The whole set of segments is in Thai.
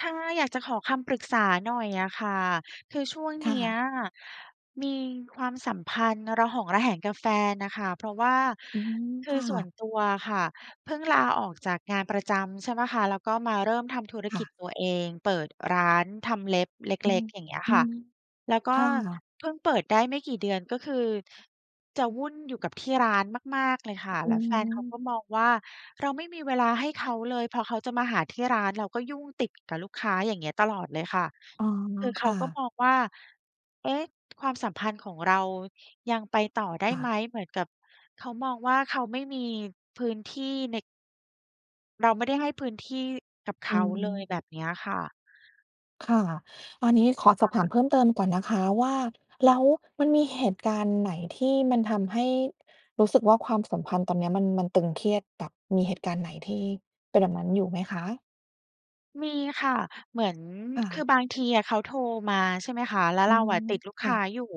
ค่ะ อยากจะขอคำปรึกษาหน่อยอะค่ะ คือช่วงคเน่ี้ยะ มีความสัมพันธ์ระหองระแหงกับแฟนอะค่ะ เพราะว่า อืม คืคอ่ส่วะ นตัวอะค่ะ เพิ่งลาออกจากงานประจำใช่เปล่าคะ แล้วก็มาเริ่มทำธุรคก่ิะ จตัวเอง เปิดร้านทำเล็บเลอื็ม ก ๆ อย่างเงี้ยอืค่ะ ม แล้วก็ค่ะ เพิ่งเปิดได้ไม่กี่เดือน ก็คือ จะวุ่นอยู่กับที่ร้านมาก ๆ เลยค่ะ อแืล้วแฟนเขากม ็มองว่า เราไม่มีเวลาให้เขาเลย พอเขาจะมาหาที่ร้าน เราก็ยุ่งติดกับลูกค้าอย่างเงี้ยตลอดเลยค่ะ อ๋อ คือเคขา่ก็ะ มองว่า เอ๊ะ ความสัมพันธ์ของเรา ยังไปต่อได้ค่ไะ หม? เหมือนกับ เขามองว่า เขาไม่มีพื้นที่ใน เราไม่ได้ให้พื้นที่กับเอขืาอฮเลยึ แบบนี้อะค่ะ ค่ะ ตอนนี้ขอคสอบถา่มะ เพิ่มเติมก่อนนะคะว่า แล้วมันมีเหตุการณ์ไหนที่มันทำให้รู้สึกว่าความสัมพันธ์ตอนเนี้ยมัน มันตึงเครียดแบบมีเหตุการณ์ไหนที่ เป็นแบบนั้นอยู่ไหมคะ? มีค่ะ เหมือน ค่คือะ บางทีอะเขาโทรมา ใช่ไหมคะ แล้วอืเราม อะติดลูกคค่ะ ้าอยู่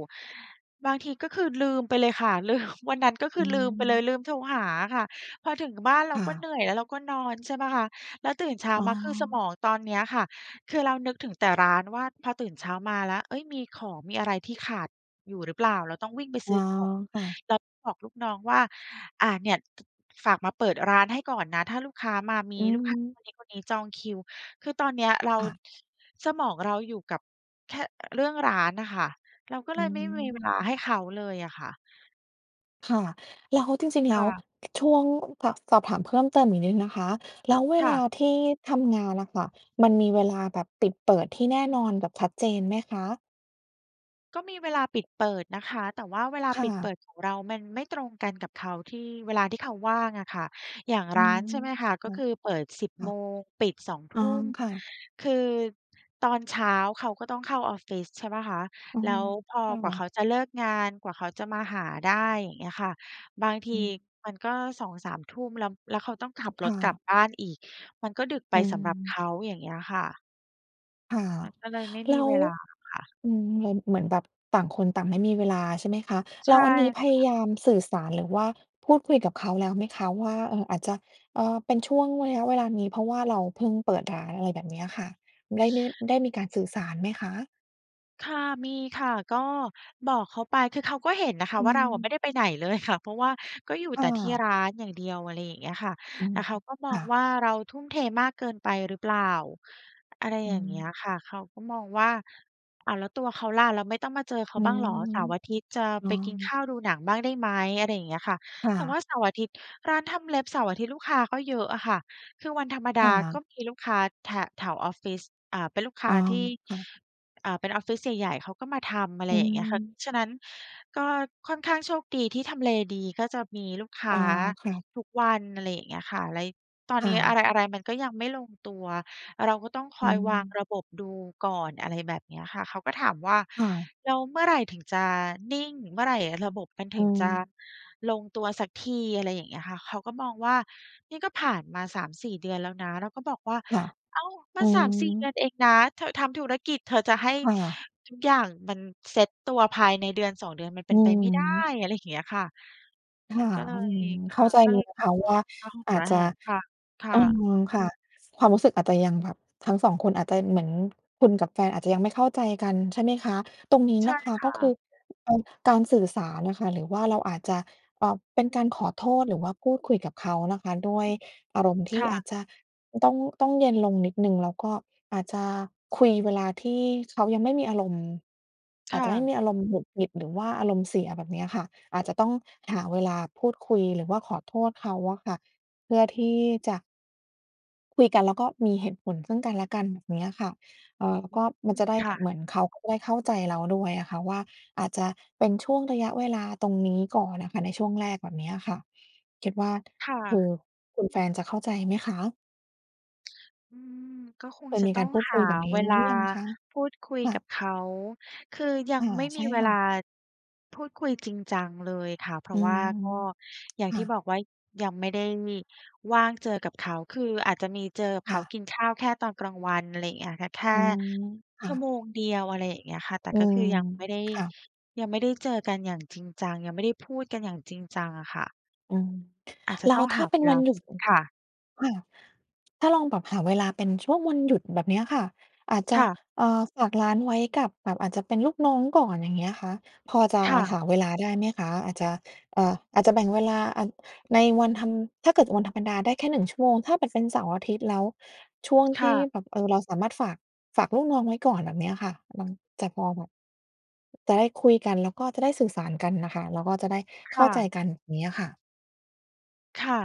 บางทีก็คือลืมไปเลยค่ะ ลืม วันนั้นก็คอืือ ลืมไปเลม ย ลืมโทรหาค่ะ พอถึงบ้านเรคา่ก็เหนะ ื่อย แล้วเราก็นอนใช่เปล่าคะ แล้วตื่นเช้าอ๋อ มา คือสมองตอนเนี้ยค่ะ คือเรานึกถึงแต่ร้านว่า พอตื่นเช้ามาแล้ว เฮ้ย มีของมีอะไรที่ขาด อยู่หรือเปล่า? เราต้องวิ่งไปซอ๋ื้อ อของ ค่ะ แล้วบอกลูกน้องว่า อ่า เนี่ย ต ฝากมาเปิดร้านให้ก่อนนะ ถ้าลูกค้ามา มีอืลูกค้าคม นนี้คนนี้จองคิว คือตอนเนี้ยเรา ค่ะ ส สมองเราอยู่กับ แค่เรื่องร้านอะค่ะ เราก็อเลืยไม่มีเม วลาให้เขาเลยอะค่ะ ค่ะ แล้วจริง ๆ แคล้่ว ะ ก ช่วง ส สอบถามเพิ่มเติมอีกนิดนะคะ แล้วเวค่ละ าที่ทำงานอะค่ะ มันมีเวลาแบบปิดเปิดที่แน่นอนแบบชัดเจนไหมคะ? ก็มีเวลาปิดเปิดนะคะ แต่ว่าเวลาค่ปิดเปะ ิดของเรามันไม่ตรงกันกับเขา ที่เวลาที่เขาว่างอะค่ะ อย่างอืร้าม นใช่ไหมคะ แก็ล้ว คือเปิด 10 ค่โมะ งปิด 2 ทอ๋อ ุ่ม ค่ะ คือตอนเช้าเขาก็ต้องเข้าออฟฟิศใช่เปล่าคะ อ๋อ แล้วพอ คกว่า่ะ เขาจะเลิกงาน กว่าเขาจะมาหาได้อย่างเงี้ยค่ะ บางทีอืม มันก็ 2-3 ทุ่มแล้ว แล้วเขาต้องขับอรืถม กลัค่บะ บ้านอีก มันก็ดึกไปอืสำหรับเขม าอย่างเงี้ยค่ะ ค่ะ มันก็เลยไม่แมลี้ว เวลาค่ะ อืม เหมือน เหมือนแบบต่างคนต่างไม่มีเวลาใช่ไหมคะ? ใชแล้่วอันนี้พค่ยะ ายามสื่อสาร หรือว่าพูดคุยกับเขาแล้วไหมคะ? ว่า เอ่อ อาจจะ เอ่อ เป็นช่วงระยะเวลานี้ เพราะว่าเราเพิ่งเปิดร้านอะไรแบบเนี้ยค่ะ ไดช ้ ได้ ได้มีการสื่อสารไหมคะ? ค่ะ มีค่ะ ก็บอกเขาไป คือเขาก็เห็นนะคอะืว่า เราอะไมม ่ได้ไปไหนเลย ค่ะ เพราะว่าก็อยู่คแ่ต่ที่ะ ร้านอย่างเดียวอะไรอย่างเงี้ยค่ะ อืแตม ่เขาก็มคอง่ะ ว่า เราทุ่มเทมากเกินไปหรือเปล่า? อะไรอือย่างเงี้ยม ค่ะ เขาก็มองว่า อ้าว แล้วตัวเขาล่ะ แล้วไม่ต้องมาเจอเขาอืบ้างเหรอ? ม เสาร์อาทิตย์จะอ๋ไอ ปกินข้าว ดูหนังบ้างได้ไหม? อะไรอย่างเงี้ยค่ะ ค่แต่ว่ะ าเสาร์อาทิตย์ ร้านทำเล็บเสาร์อาทิตย์ลูกค้าก็เยอะอะค่ะ คือวันธรรมดคา่กะ ็มีลูกค้าแถ แถวออฟฟิศ เอ่อ เป็นลูกคอ้๋อ าที่ ค่ะ เอ่อ เป็นออฟฟิศใหญ่ ๆ เขาก็มาทำ อะไรอือย่างเงี้ยค่ะ ม ฉะนั้น ก็ค่อนข้างโชคดีที่ทำเลดีก็จะมีลูกค้อ๋าอ ค่ะ ทุกวัน อะไรอย่างเงี้ยค่ะ เลย ตอนค่นี้อะ ะไร ๆ มันก็ยังไม่ลงตัว เราก็ต้องคอือยวางม ระบบดูก่อน อะไรแบบเนี้ยค่ะ เขาก็ถามว่า ค่ะ แล้วเมื่อไหร่ถึงจะนิ่ง เมื่อไหร่ระบบมันถอืึงจะม ลงตัวสักที อะไรอย่างเงี้ยค่ะ เขาก็มองว่า นี่ก็ผ่านมา 3-4 เดือนแล้วนะ เราก็บอกว่า ค่ะ "อ้าว มอัืน 3-4 เดือม นเองนะ เธอทำธุรกิจ เธอจะให้ค่ะ ทุกอย่างมันเซตตัวภายในเดือน 2 เดือนมันเปอ็ืนไปอไม่ได้" ฮึ อะไรอย่างเงี้ยค่ะ คมัน่ะ ก็เลอืย ม คเข่้ะ าใจก็เเลลยย นะคะว่า ระหองอาจระจแหะ งกันคเ่ออ ะ ค่ะ ความรู้สึกอาจจะยังแบบ ทั้ง 2 คนอาจจะเหมือน คุณกับแฟนอาจจะยังไม่เข้าใจกันใช่ไหมคะ? ตรงนี้ใชน่ะคะ คก่็คะ ือ เอ่อ การสื่อสารอะค่ะ หรือว่าเราอาจจะ เอ่อ เป็นการขอโทษ หรือว่าพูดคุยกับเขานะคะ ด้วยอารมณ์ทคี่่อะ าจจะ ต้อง ต้องเย็นลงนิดหนึ่ง แล้วก็อาจจะคุยเวลาที่เขายังไม่มีอารมณ์ คอาจ่จะไม่ะ มีอารมณ์หงุดหงิด หรือว่าอารมณ์เสียแบบเนี้ยค่ะ อาจจะต้องหาเวลาพูดคุย หรือว่าขอโทษเขาอะค่ะ เพื่อที่จะ คุยกันแล้วก็มีเหตุผลซึ่งกันและกันแบบเนี้ยค่ะ เอ่อ แล้อวืก็ม มันจะได้ ค่เะ หมือนเขาก็ได้เข้าใจเราด้วยอะค่ะว่า อาจจะเป็นช่วงระยะเวลาตรงนี้ก่อนอะค่ะ ในช่วงแรกแบบนี้อะค่ะ คิดว่า ค่คือ ะ คุณแฟนจะเข้าใจไหมคะ? อืม ก็คเงคยจะมีตก้อารงพูดหคาุยแบบนี้เวหรืลาอยังคะ? พูดคุยค่กัะ บเขา คือยัอง่า ไม่ใมชี่เวคล่า ะ พูดคุยจริงจังเลยค่ะ เพราอืะว่าม ก็อย่างคท่ี่ะ บอกว่า ยังไม่ได้ว่างเจอกับเขา คืออาจจะมีเจอกับเคข่าะ กินข้าวแค่ตอนกลางวันอะไรเงี้ยค่ะ แค่ อืม คช่ัะ ่วโมงเดียวอะไรอย่างเงี้ยค่ะ แต่อืก็คม ือยังไม่ได้ ค่ะ ยังไม่ได้เจอกันอย่างจริงจัง ยังไม่ได้พูดกันอย่างจริงจังอะค่ะ อืม อาจจะแล้ตว้องถห้าาเปเ็วนลวัา นหยุด อ ค่ะ ค่ะ ถ้าลองแบบหาเวลาเป็นช่วงวันหยุดแบบเนี้ยค่ะ อาจจะ ค่ะ เอ่อ ฝากร้านไว้กับ แบบอาจจะเป็นลูกน้องก่อนอย่างเงี้ยค่ะ พอจะค่หะ าเวลาได้ไหมคะ? อาจจะ เอ่อ อาจจะแบ่งเวลาอัน ในวันธรรม ถ้าเกิดวันธรรมดา ได้แค่ 1 ชั่วโมง ถ้าแบบเป็นเสาร์อาทิตย์ แล้วช่วงคที่่ะ แบบ เอ่อ เราสามารถฝาก ฝากลูกน้องไว้ก่อนแบบเนี้ยค่ะ บาง จะพอแบบ จะได้คุยกัน แล้วก็จะได้สื่อสารกันอะค่ะ แล้วก็จะได้คเข้า่ใจะ กันงี้อะค่ะ ค่ะ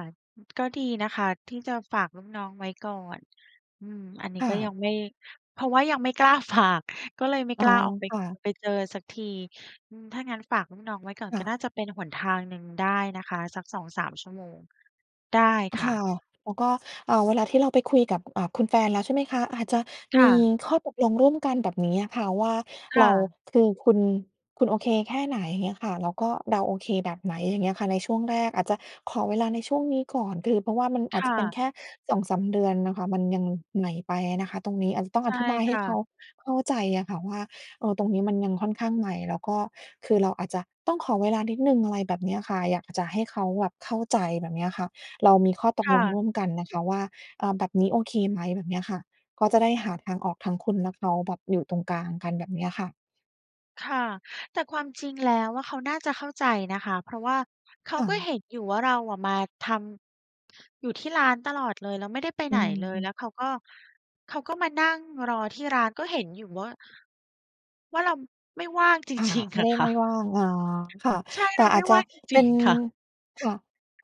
ก็ดีนะคะ ที่จะฝากลูกน้องไว้ก่อน อืม อันนีค้่ก็ยังะ ไม่ เพราะว่ายังไม่กล้า ฝาก ก็เลยไม่อ๋กอ ล้าออกไป ค่ะ ไปเจอสักที อืม ถ้างั้นฝากลูกน้องไว้ก่อนค่ก็ะ น่าจะเป็นหนทางหนึ่งได้นะคะ สัก 2-3 ชั่วโมง ได้คค่ะ ่ะ แล้วก็ เอ่อ เวลาที่เราไปคุยกับ เอ่อ คุณแฟนแล้วใช่ไหมคะ อาจจะคม่ีะ ข้อตกลงร่วมกันแบบนี้อะค่ะ ว่าคเร่า ะ คือคุณ คุณโอเคแค่ไหน? เงี้ยค่ะ แล้วก็เราโอเคแบบไหน? อย่างเงี้ยค่ะ ในช่วงแรก อาจจะขอเวลาในช่วงนี้ก่อน คือ เพราะว่ามันอคาจจ่ะเป็นะ แค่ 2-3 เดือนอะค่ะ มันยังใหม่ไปอะนะคะ ตรงนี้อาจจะต้องใชอ่ธิบายคให้่เขะ าเข้าใจอะค่ะว่า เอ่อ ตรงนี้มันยังค่อนข้างใหม่ แล้วก็คือเราอาจจะต้องขอเวลานิดหนึ่งอะไรแบบนี้อะค่ะ อยากจะให้เขาแบบเข้าใจแบบเนี้ยค่ะ เรามีข้อตคก่ลงะ ร่วมกันนะคะว่า เอ่อ แบบนี้โอเคไหม? แบบเนี้ยค่ะ ก็จะได้หาทางออกทั้งคุณและเขา แบบอยู่ตรงกลางกันแบบนี้อะค่ะ ค่ะ แต่ความจริงแล้วอะ เขาน่าจะเข้าใจนะคะ เพราะว่า เขาค่ก็ะ เห็นอยู่ว่าเราอะมาทำ อยู่ที่ร้านตลอดเลย แล้วไม่ได้ไปอไืหนอเลย ฮึ แล้วเขาก็ เขาก็มานั่งรอที่ร้าน ก็เห็นอยู่ว่า ว่าเรา ไม่ว่าง จค่ะ ริง ไมๆ อ่ไะด้ค่ไมะ ่ว่าง อ๋อ ค่ะ ใช่แตเร่าไอมา่จจว่ะาง จเรปิ็ง น ๆ ค่ะ ค่ะ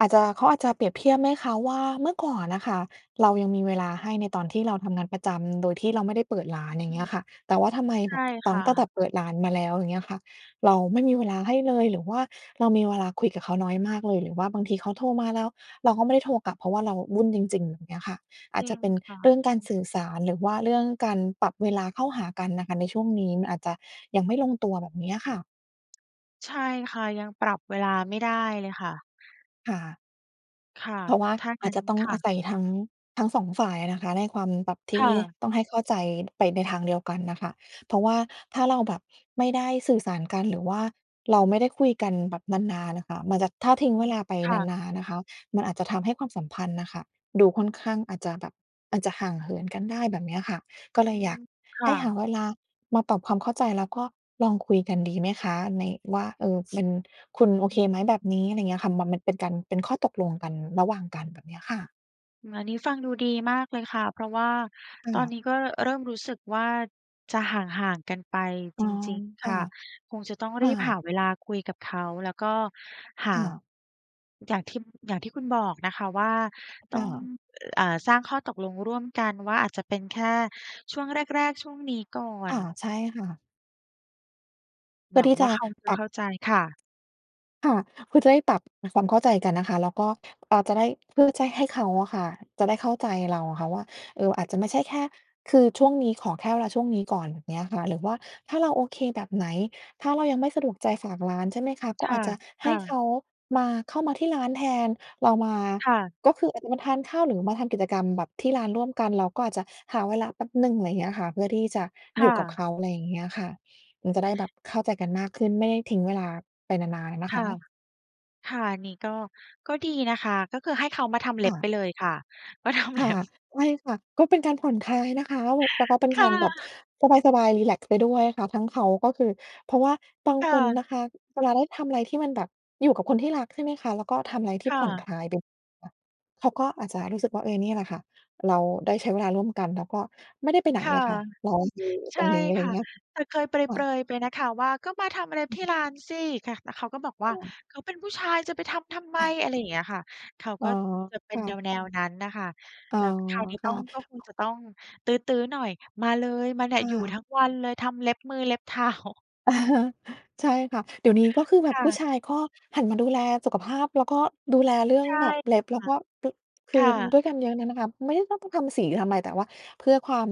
อาจจะ เขาอาจจะเปรียบเทียบไหมคะว่า เมื่อก่อนอะค่ะ เรายังมีเวลาให้ในตอนที่เราทำงานประจำ โดยที่เราไม่ได้เปิดร้าอนืม อย่างเงี้ยค่ะ แต่ว่าทำไมใชแบ่บ ตคัง ่ตั้งแต่ะ เปิดร้านมาแล้วอย่างเงี้ยค่ะ เราไม่มีเวลาให้เลย หรือว่าเรามีเวลาคุยกับเขาน้อยมากเลย หรือว่าบางทีเขาโทรมาแล้ว เราก็ไม่ได้โทรกลับ เพราะว่าเราวุ่นจริง ๆ อย่างเงี้ยค่ะ อจาจริจะงเป็นค่ะเรื่องคกุารณ สื่อสาร หรือว่าเรื่องการปรับเวลาเข้าหากันน่ะค่ะในช่วงนี้ มันอาจจะยังไม่ลงตัวแบบนี้อะค่ะ ใช่ค่ะ ยังปรับเวลาไม่ได้เลยค่ะ ค่ะ ค่ะ เพราะว่าถ้าองาั้จน จะต้อคง่อะ าศัยทั้ง ทั้ง 2 ฝ่ายอะนะคะ ในความ แบบทคี่่ะ ต้องให้เข้าใจไปในทางเดียวกันอะค่ะ เพราะว่าถ้าเราแบบไม่ได้สื่อสารกัน หรือว่าเราไม่ได้คุยกันแบบนาน ๆ อะค่ะ มันจะ ถ้าทิ้งอเืวม ลาไปค่นะ าน ๆ นะคะ มันอาจจะทำให้ความสัมพันธ์อะค่ะ ดูค่อนข้างอาจจะแบบ อาจจะห่างเหินกันได้แบบนี้อะค่ะ ก็เลอืยอยาม ก คใ่ห้หาะ เวลามาปรับความเข้าใจ แล้วก็ลองคุยกันดีไหมคะ ใน ว่า "เออ เป็น คุณโออเืคไหมแบม บนี้" อะไรอย่างเงี้ยอะค่ะ มัน มันเป็นการ เป็นข้อตกลงกัน ระหว่างกันแบบเนี้ยค่ะ อืม อันนี้ฟังดูดีมากเลยค่ะ เพราะว่าค่ตอนะ นี้ก็เริ่มรู้สึกว่า จะห่าง ๆ กันไปอจ๋อ ริง ๆ คค่ะ ่ะ คงจะต้องคร่ีบหาะ เวลาคุยกับเขา แล้วก็หคา ่ะ อย่างที่ อย่างที่คุณบอกนะคะว่า ตค้่อง ะ อ เอ่อ สร้างข้อตกลงร่วมกันว่า อาจจะเป็นแค่ช่วงแรก ๆ ช่วงนี้ก่อค่ะ น ใช่ค่ะ เพหืว่อังที่วจ่าะเขาจะปรัเขบ ้าใจค่ะ ค่ะ เพื่อจะได้ปรับความเข้าใจกันนะคะ แล้วก็ เอ่อ จะได้ เพื่อจะให้เขาอะค่ะ จะได้เข้าใจเราอะค่ะว่า เอ่อ อาจจะไม่ใช่แค่ คือช่วงนี้ขอแค่เวลาช่วงนี้ก่อนเงี้ยค่ะ หรือว่าถ้าเราโอเคแบบไหน ถ้าเรายังไม่สะดวกใจฝากร้านใช่ไหมคะ? ก็ค่อาะ จจะคให่้ะ เขา มา เข้ามาที่ร้านแทน เรามา ค่ะ ก็คืออาจจะมาทานข้าว หรือมาทำกิจกรรมแบบที่ร้านร่วมกัน แล้วก็อาจจะหาเวลาแป๊บหนึ่ง อะไรอย่างเงี้ยค่ะ เพื่อที่จะคอยู่่กับเะ ขา อะไรอย่างเงี้ยค่ะ มันจะได้แบบเข้าใจกันมากขึ้น ไม่ได้ทิ้งเวลาไปนาน ๆ อะนะคค่ะ ะ ค่ะ อันนี้ก็ ก็ดีนะคะ ก็คือให้เขามาทำเคล็่บไปะ เลยค่ะ มาทำคเล่็ะ บ ใช่ค่ะ ก็เป็นการผ่อนคลายนะคะ แบบ แล้วก็เป็นคก่ารแบบะ สบาย ๆ รีแลกซ์ไปด้วยค่ะ ทั้งเขาก็คือ เพราะว่าบางค่คนะ นะคะ เวลาได้ทำอะไรที่มันแบบอยู่กับคนที่รัก ใช่ไหมคะ แล้วก็ทำอะไรทคี่่ผ่อนะ คลาย [unintelligible] เขาก็อาจจะรู้สึกว่า เออ นี่แหละค่ะ เราได้ใช้เวลาร่วมกัน แล้วก็ไม่ได้ไปไหนค่ะ อะค่ะ เราอยู่ใชตร่งนี้อะไครอย่่าะ งเงี้ย แต่เคยเปค่ระ ย ๆ ไปนะคะ ว่า "ก็มาทำเล็บอืที่ม ร้านสิ" ค่ะ แล้วเขาก็บอกคว่่า ะ เขาเป็นผู้ชายจะไปทำทำไม? อะ อะไรอย่างเงี้ยค่ะ เขาอ๋กอ ็จะเปค็น่แะ นว ๆ นั้นอะค่ะ อ๋อ แล้วคราวนี้คต้่อะ ง ก็คงจะต้องตื๊อ ๆ หน่อย "มาเลย! มาเนี่คย ่อยู่ะ ทั้งวันเลย ทำเล็บมือเล็บ เท้า ใช่ค่ะ เดี๋ยวนี้ก็คือแบคบ่ผู้ะ ชายก็หันมาดูแลสุขภาพ แล้วก็ดูแลเรื่อใงช่แบบเล็บ แลค้ว่ะ ก็ ปร คคือ่ะ ด้วยกันเยอะเนี่ยนะคะ ไม่ได้ต้องทำสีทำอะไร แต่ว่า เพื่อความ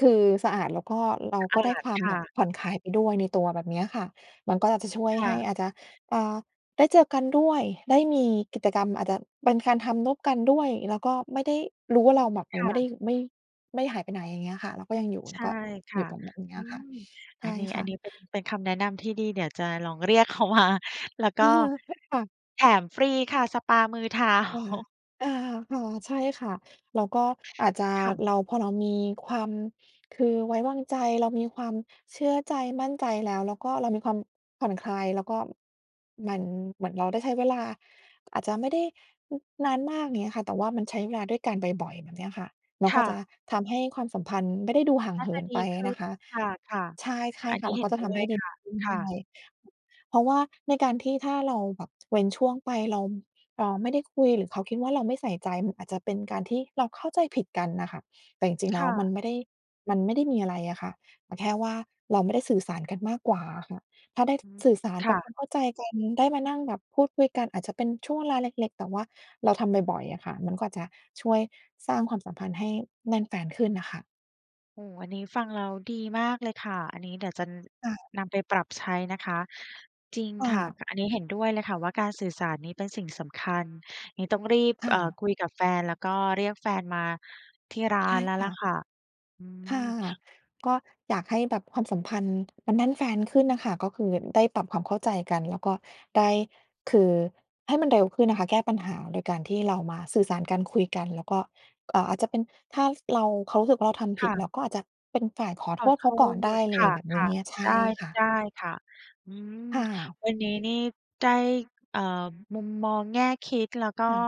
คือ สะอาด แล้วก็เราสะอก็าได้ดความคแ่บบะ ผ่อนคลายไปด้วยในตัวแบบเนี้ยอะค่ะ มันก็อาจจะช่วยค่ให้ะ อาจจะ เอ่อ ได้เจอกันด้วย ได้มีกิจกรรม อาจจะเป็นการทำร่วมกันด้วย แล้วก็ไม่ได้รู้วอ่าืเรม าแบบ ค่ไม่ได้ ะ ไม่ ไม่หายไปไหนอย่างเงี้ยค่ะ เราก็ยังอยู่ ใแชล้ว่ก็ คอ่ยะ ู่ตรง ตรงนอี้ือะค่ะ ม ใอชัน่นี้ คอั่นะ นี้เป็น เป็นคำแนะนำที่ดี เดี๋ยวจะลอง เรียกเขามา แล้วก็ ค่ะ แถมฟรีค่ะ สปามือ เท้า ค่ะ อา ค่ะ ใช่ค่ะ แล้วก็อาจจะ ค่ะ เรา พอเรามีความ คือไว้วางใจ เรามีความเชื่อใจ มั่นใจแล้ว แล้วก็เรามีความผ่อนคลาย แล้วก็ มัน เหมือนเราได้ใช้เวลา อาจจะไม่ได้ น นานมากอย่างนี้อะค่ะ แต่ว่ามันใช้เวลาด้วยกันบ่อย ๆ แบบเนี้ยค่ะ แล้วคก็่จะ ะทำให้ความสัมพันธ์ไม่ได้ดูห่านง่เาหจิะนดไปีขอะึ้นนะคะ ค่ะ ใช่ ๆ อันๆ ค่นีะ แ้ล้เวหก็็นจะดท้ำวให้ยดีค่ะ ขึ้นคด่้ะ วย เพราะว่าในการที่ ถ้าเราแบบเว้นช่วงไป เรา เออ ไม่ได้คุย หรือเขาคิดว่าเราไม่ใส่ใจ มันอาจจะเป็นการที่เราเข้าใจผิดกันอะค่ะ แต่จริง ๆ แคล้่วมัะ นไม่ได้ มันไม่ได้มีอะไรอะค่ะ แต่แค่ว่าเราไม่ได้สื่อสารกันมากกว่าอะค่ะ ถ้าได้อืม สื่อสารคป่รับคะ วามเข้าใจกัน ได้มานั่งแบบพูดคุยกัน อาจจะเป็นช่วงเวลาเล็ก ๆ แต่ว่าเราทำบ่อย ๆ อะค่ะ มันก็อาจจะช่วยสร้างความสัมพันธ์ให้แน่นแฟ้นขึ้นอะค่ะ โอ้โฮ อันนี้ฟังแล้วดีมากเลยค่ะ อันนี้เดี๋ยวจะ น ค่ะ นำไปปรับใช้นะคะ จริงค่ค่ะ ะ ก อันนี้เห็นด้วยเลยค่ะว่า การสื่อสารนี้เป็นสิ่งสำคัญ งี้ต้องรีบ ค่เอ่อ ะ คุยกับแฟน แล้วก็เรียกแฟนมาที่ร้าใช่นแล้วคล่่ะะ ค่ะ อืค่ะ ม ก็อยากให้แบบความสัมพันธ์มันแน่นแฟ้นขึ้นอะค่ะ ก็คือได้ปรับความเข้าใจกัน แล้วก็ได้ คือ ให้มันเร็วขึ้นนะคะ แก้ปัญหาโดยการที่เรามาสื่อสารกัน คุยกัน แล้วก็ เอ่อ อาจจะเป็น ถ้าเรา เขารู้สึกว่าเราทำผคิ่ด ะ เราก็อาจจะเป็นฝ่ายขอขโทอษโเทขาก่อนได้ษ เคลยแบบนี่ะ ้ ใชๆ ไ่ด้ ค่ะ ได้ค่ะ อืม ค่ะ วันนี้นี่ได้ เอ่อ มุมมอง แง่คิด แล้วกค็่ะ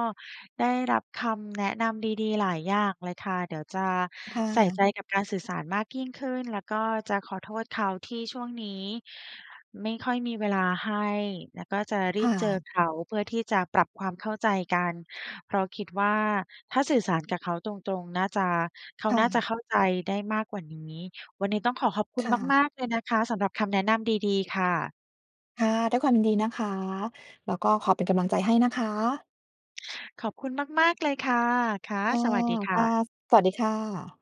ได้รับคำแนะนำดี ๆ หลายอย่างเลยค่ะ เดี๋ยวจะค่ใส่ใะ จกับการสื่อสารมากยิ่งขึ้น แล้วก็จะขอโทษเขาที่ช่วงนี้ ไม่ค่อยมีเวลาให้ แล้วก็จะรคี่บเจอะ เขาเพื่อที่จะปรับความเข้าใจกัน เพราะคิดว่าถ้าสื่อสารกับเขาตรง ๆ น่าจะ เขาค่น่าจะ ะเข้าใจได้มากกว่านี้ วันนี้ต้องขอขอบคุณค่มะ าก ๆ เลยนะคะ สำหรับคำแนะนำดี ๆ ค่ะ ค่ะ ด้วยความยินดีนะคะ แล้วก็ขอเป็นกำลังใจให้นะคะ ขอบคุณมาก ๆ เลยค่ะ ค่ะ ค่ะ สวัสดีคค่่ะ ะ สวัสดีค่ะ